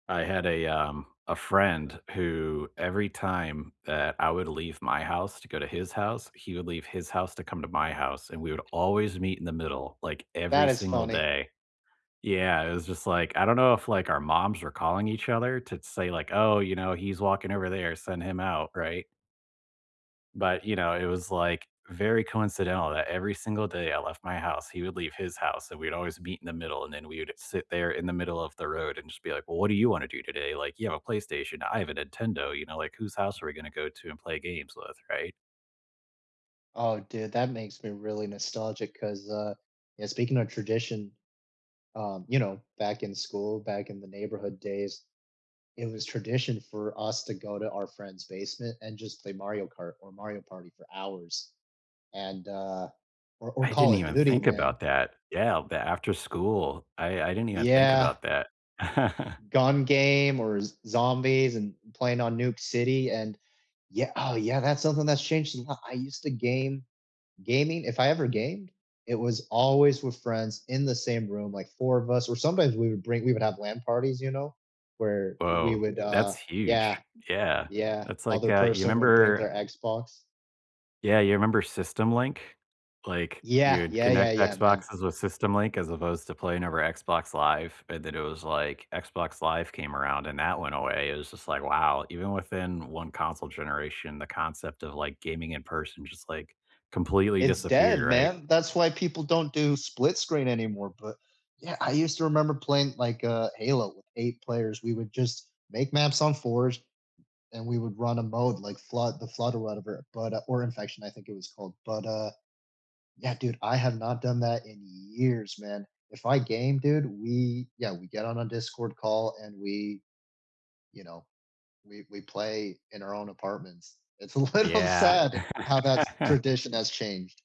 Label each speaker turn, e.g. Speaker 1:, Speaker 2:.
Speaker 1: I had a, um, a friend who every time that I would leave my house to go to his house, he would leave his house to come to my house, and we would always meet in the middle, like,
Speaker 2: That
Speaker 1: every
Speaker 2: is
Speaker 1: single
Speaker 2: funny.
Speaker 1: day. Yeah, it was just like, I don't know if, like, our moms were calling each other to t say, like, "Oh, you know, he's walking over there. Send him out." Right? But, you know, it was, like, very coincidental that every single day I left my house, he would leave his house, and we'd always meet in the middle, and then we would've sit there in the middle of the road and just be like, "Well, what do you wanna do today?" Like, "You have a PlayStation. I have a Nintendo." You know? Like, "Whose house are we gonna go to and play games with?" Right?
Speaker 2: Oh, dude, that makes me really nostalgic 'cause, uh, eh, speaking of tradition, um, you know, back in school, back in the neighborhood days, it was tradition for us to go to our friend's basement and just play Mario Kart or Mario Party for hours and, uh or or
Speaker 1: I didn't
Speaker 2: Call of
Speaker 1: even
Speaker 2: Duty,
Speaker 1: think
Speaker 2: man.
Speaker 1: about that. Yeah, the after-school, I I didn't even think
Speaker 2: Yeah.
Speaker 1: about that.
Speaker 2: Gun game or Z Zombies!!! and playing on Nuke City and yea oh yeah, that's something that's changed a lot. I used to game gaming if I ever gamed, it was always with friends in the same room, like 4 of us, or sometimes we would bring we would have LAN parties, you know, where we
Speaker 1: Whoa.
Speaker 2: would, uh
Speaker 1: That's huge.
Speaker 2: yeah,
Speaker 1: Yeah.
Speaker 2: yeah.
Speaker 1: That's like,
Speaker 2: Other
Speaker 1: uh, you
Speaker 2: person would bring their
Speaker 1: remember
Speaker 2: Xbox.
Speaker 1: Yeah, you remember SystemLink? Like,
Speaker 2: Yeah.
Speaker 1: you'd
Speaker 2: Yeah, yeah,
Speaker 1: connect
Speaker 2: yeah, man.
Speaker 1: Xboxes with SystemLink as opposed to playing over Xbox Live, and then it was like, Xbox Live came around, and that went away. It was just like, wow, even within 1 console generation, the concept of, like, gaming in person just, like, completely
Speaker 2: It's
Speaker 1: disappeared,
Speaker 2: dead,
Speaker 1: right?
Speaker 2: man. That's why people don't do split screen anymore, but, yeah, I used to remember playing, like, uh, Halo with 8 players, we would just make maps on fours, and we would run a mode like Flood The Flood or whatever, but, uh or Infection, I think it was called, but, uh, yeah, dude, I have not done that in years, man. If I game, dude, we yeah get on a Discord call and we you know, we we play in our own apartments. It's a little
Speaker 1: Yeah.
Speaker 2: sad how that tradition has changed.